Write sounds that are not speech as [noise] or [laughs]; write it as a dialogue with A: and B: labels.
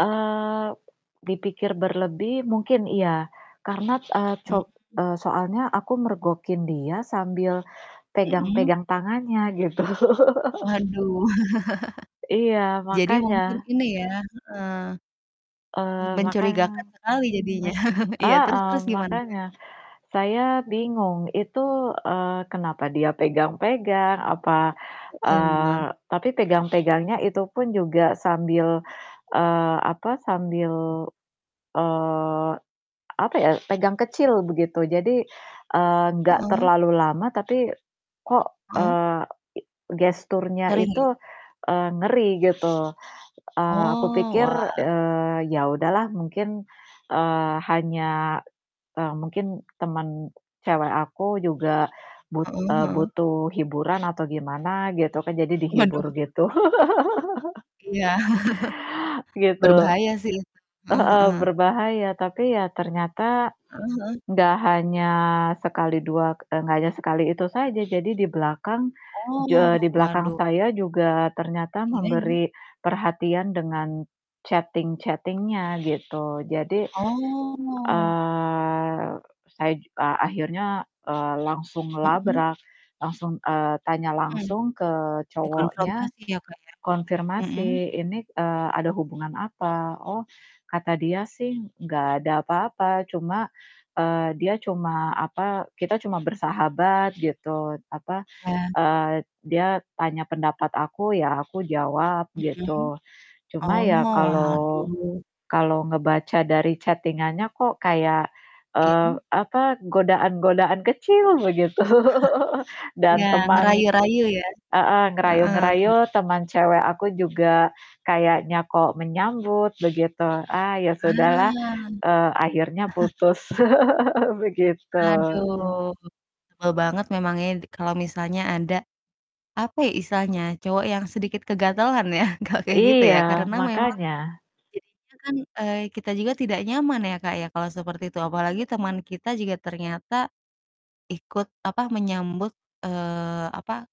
A: Eee, dipikir berlebih mungkin iya karena, eee,
B: Hmm.
A: cob eee, soalnya aku mergokin dia sambil
B: Mhm.
A: pegang-pegang tangannya gitu.
B: Waduh.
A: Iya
B: [chuckles] Jadi mungkin
A: makanya.
B: ini ya heeh, eee,
A: Eee,
B: mencurigakan
A: makanya,
B: sekali jadinya.
A: men
B: [chuckles] Iya terus
A: heeh,
B: terus gimana, Kak?
A: makanya. Saya bingung, Itu, eee, kenapa dia pegang-pegang? Apa
B: Mhm,
A: eee,
B: megang.
A: tapi pegang-pegangnya itu pun juga sambil sambil, eee, apa, sambil, eee, apa ya, pegang kecil begitu. Jadi, eee, gak
B: Heeh.
A: terlalu lama, tapi kok,
B: Heeh.
A: eee, i gesturnya
B: Sering
A: itu,
B: ya?
A: eee, ngeri gitu. Eee, aku
B: Oh,
A: pikir,
B: wah.
A: eee, ya udahlah mungkin, eee, hanya, eee, mungkin temen cewek aku juga but
B: Heeh
A: eee,
B: heeh.
A: butuh hiburan atau gimana gitu kan. Jadi
B: Waduh
A: dihibur
B: [chuckles]
A: gitu. [chuckles]
B: Iya. [chuckles]
A: Gitu.
B: Berbahaya sih itu. Heeh
A: Heeh.
B: heeh.
A: Berbahaya, tapi ya ternyata
B: Heeh heeh.
A: gak hanya sekali dua k eee, gak hanya sekali itu saja. Jadi di belakang ju
B: Oh,
A: eee, di belakang
B: waduh.
A: saya juga ternyata
B: Iya iya.
A: memberi perhatian dengan chatting-chatting-nya gitu. Jadi,
B: Oh.
A: eee, saya ju eee, akhirnya, eee, langsung
B: Mhm.
A: ngelabrak. Langsung eee, tanya
B: Mhm.
A: langsung ke cowoknya,
B: Dikonfrontasi ya, Kak, ya. Mhm
A: konfirmasi, "Ini, eee, ada hubungan apa?" Oh, kata dia sih, "Gak ada apa-apa." Cuma, eee, dia cuma, apa, "Kita cuma bersahabat." Gitu, apa,
B: Ya.
A: eee, dia tanya pendapat aku, ya aku jawab.
B: Mhm.
A: Gitu. Cuma
B: Oh,
A: ya kalau
B: waduh.
A: kalau ngebaca dari chatting-annya kok kayak, eee,
B: Iya.
A: apa, godaan-godaan kecil begitu
B: [chuckles] Iya
A: dan teman
B: ngerayu-rayu ya.
A: heeh,
B: Heeh, iya.
A: ngerayu-ngerayu, teman cewek aku juga kayaknya kok menyambut, begitu. Ah, ya sudahlah,
B: Ah.
A: eee, akhirnya
B: [chuckles]
A: putus. [laughs] Begitu.
B: Aduh. Sebel banget memang ya di kalau misalnya ada, apa ya istilahnya, cowok yang sedikit kegatalan ya [chuckles] kalau kayak gitu
A: Iya
B: ya karena memang
A: makanya.
B: jadinya kan, eee, kita juga tidak nyaman ya, Kak, ya kalau seperti itu apalagi teman kita juga ternyata ikut, apa, menyambut, eee, apa